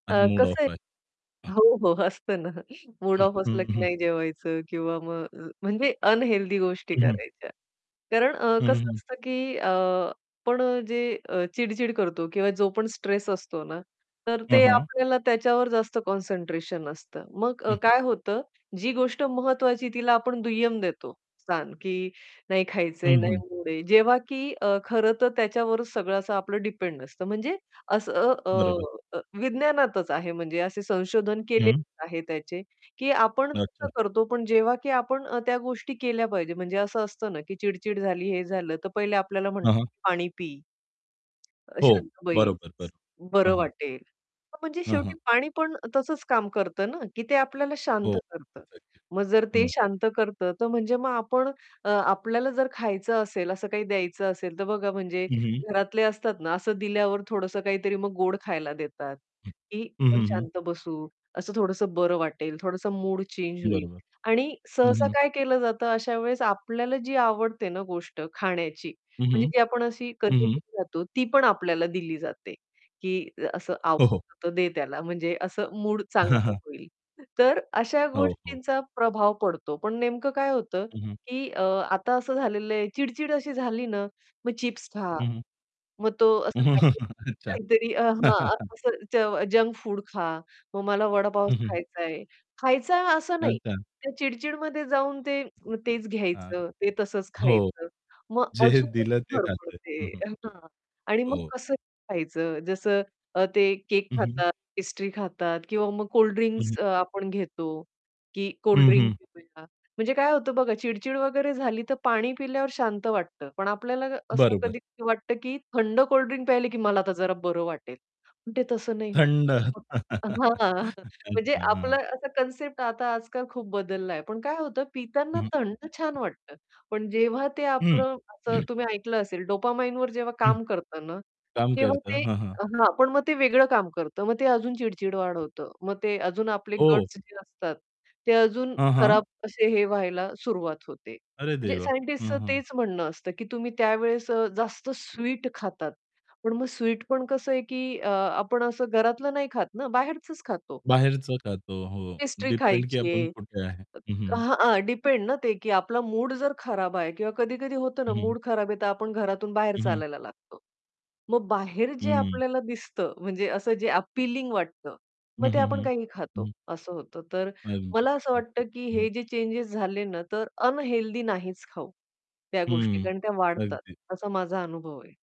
आज अ, मूड कसं आहे ऑफ आहे. हो, हो. असतं ना. मूड हं. ऑफ असलं हं, की हं. नाही जेवायचं किंवा मग अ, म्हणजे अनहेल्थी गोष्टी हं, हं. करायच्या. कारण अ, हं, कसं हं. असतं, की अ, आपण जे अ, चिड-चिड करतो किंवा जो पण स्ट्रेस असतो ना, तर हां, ते हां. आपल्याला त्याच्यावर जास्त कॉन्सन्ट्रेशन असतं. मग अ, हं. काय होतं जी गोष्ट महत्त्वाची तिला आपण दुय्यम देतो स्थान, की नाही खायचंय. हं, नाही हं. मूड आहे. जेव्हा की अ, खरं तर त्याच्यावरच सगळं असं आपलं डिपेंड नसतं म्हणजे असं अ, बरोबर. अ, विज्ञानातच आहे म्हणजे असे संशोधन केलेले हं. आहे त्याचे, की आपण कसं अच्छा. करतो, पण जेव्हा की आपण त्या गोष्टी केल्या पाहिजेत म्हणजे असं असतं ना, की चिड-चिड झाली, हे झालं तर पहिले आपल्याला हां, म्हणतात, हां. की "पाणी पी, हो. शांत बरोबर, बरोबर. बैस, हां, बरं हां. वाटेल." म्हणजे हां, हां. शेवटी पाणी पण तसंच काम करत ना, की ते आपल्याला हो. शांत करत. अगदीच, अगदी. मग जर ते हं. शांत करत तर म्हणजे मग आपण अ, आपल्याला जर खायचं असेल, असं काही द्यायचं असेल, तर बघा म्हणजे हं, हं. घरातले असतात ना, असं दिल्यावर थोडसं काहीतरी मग गोड खायला देतात, हं, की आपण हं, हं. शांत बसू, असं थोडंसं बरं वाटेल, थोडसं मूड चेंज होईल. बरोबर. आणि हं, सहसा हं. काय केलं जातं अशा वेळेस आपल्याला जी आवडते ना गोष्ट खाण्याची हं, म्हणजे हं. जी आपण अशी हं, हं. कधीतरी खातो, ती पण आपल्याला दिली जाते, की असं हो, हो. आवडतं दे त्याला म्हणजे असं मूड चांगलं होईल. तर अशा हो, हो. गोष्टींचा प्रभाव पडतो, पण नेमकं काय होतं, हं, हं. की अ, आता असं झालेलं आहे चिड-चिड अशी झाली ना, मग चिप्स खा, हं, हं. मग तो असं अच्छा. काहीतरी अ, हां, असं ज जंक फूड खा. मग मला वडा पाव हं, हं. खायचाय, खायचं आहे असं नाही, अच्छा. त्या चिड-चिडमध्ये जाऊन ते तेच आह, घ्यायचं, ते तसंच हो. खायचं, मग जे अजून दिलं ते खाते. हं, हं. [unintelligible] हां, आणि मग हो. कसंही खायचं. जसं ते अ, केक हं, हं. खातात, पेस्ट्री खातात किंवा मग कोल्ड हं, हं. ड्रिंक्स अ, आपण घेतो, की कोल्ड हं, ड्रिंक हं. पिऊया. म्हणजे काय होतं बघा चिड-चिड वगैरे झाली, तर पाणी पिल्यावर शांत वाटतं. पण आपल्याला असं बरोबर. कधी वाटतं, की थंड कोल्ड ड्रिंक प्यायले की मला आता जरा बरं वाटेल, पण ते तसं नाही होत. थंड. हां, हां म्हणजे अच्छा. आपलं हां. असं कन्सेप्ट आता आजकाल खूप बदलला आहे. पण काय होतं पिताना हं, हं. थंड छान वाटतं. पण जेव्हा ते हं. आपलं असं तुम्ही ऐकलं असेल डोपामाइनवर जेव्हा हं. काम करतं ना, काम तेव्हा करतं. ते हां, हां. हां. पण मग ते वेगळं काम करतं, मग ते अजून चिड-चिड वाढवत, मग ते अजून आपले हो. गट्स जे असतात ते अजून हां, हां. खराब असे हे व्हायला सुरुवात होते. अरे म्हणजे देवा! हां, सायंटिस्टच हां. तेच म्हणणं असतं, की तुम्ही अ, त्यावेळेस अ, जास्त स्वीट खातात, पण मग स्वीट पण कसं आहे, की अ, आपण असं घरातलं नाही खात ना, बाहेरचच खातो. बाहेरच खातो. हो. पेस्ट्री डिपेंड की खायची आपण आहे. कुठे आहे. हं, अ, हं. हां, हां. डिपेंड ना ते, की आपला मूड जर खराब आहे किंवा कधी-कधी होतं ना, हं, हं. मूड खराब आहे, तर आपण घरातून बाहेर हं, हं. चालायला लागतो, मग बाहेर जे हं. आपल्याला दिसतं म्हणजे असं जे अपीलिंग वाटतं, हं, मग ते हं, आपण हं. काहीही खातो, हं. असं होतं. तर अगदी, मला असं अगदी. वाटतं, की हं, हं. हे जे चेंजेस झाले ना, तर अनहेल्थी नाहीच खाऊ त्या गोष्टी हम्म. कारण त्या वाढतात, अगदीच. असा माझा अनुभव आहे.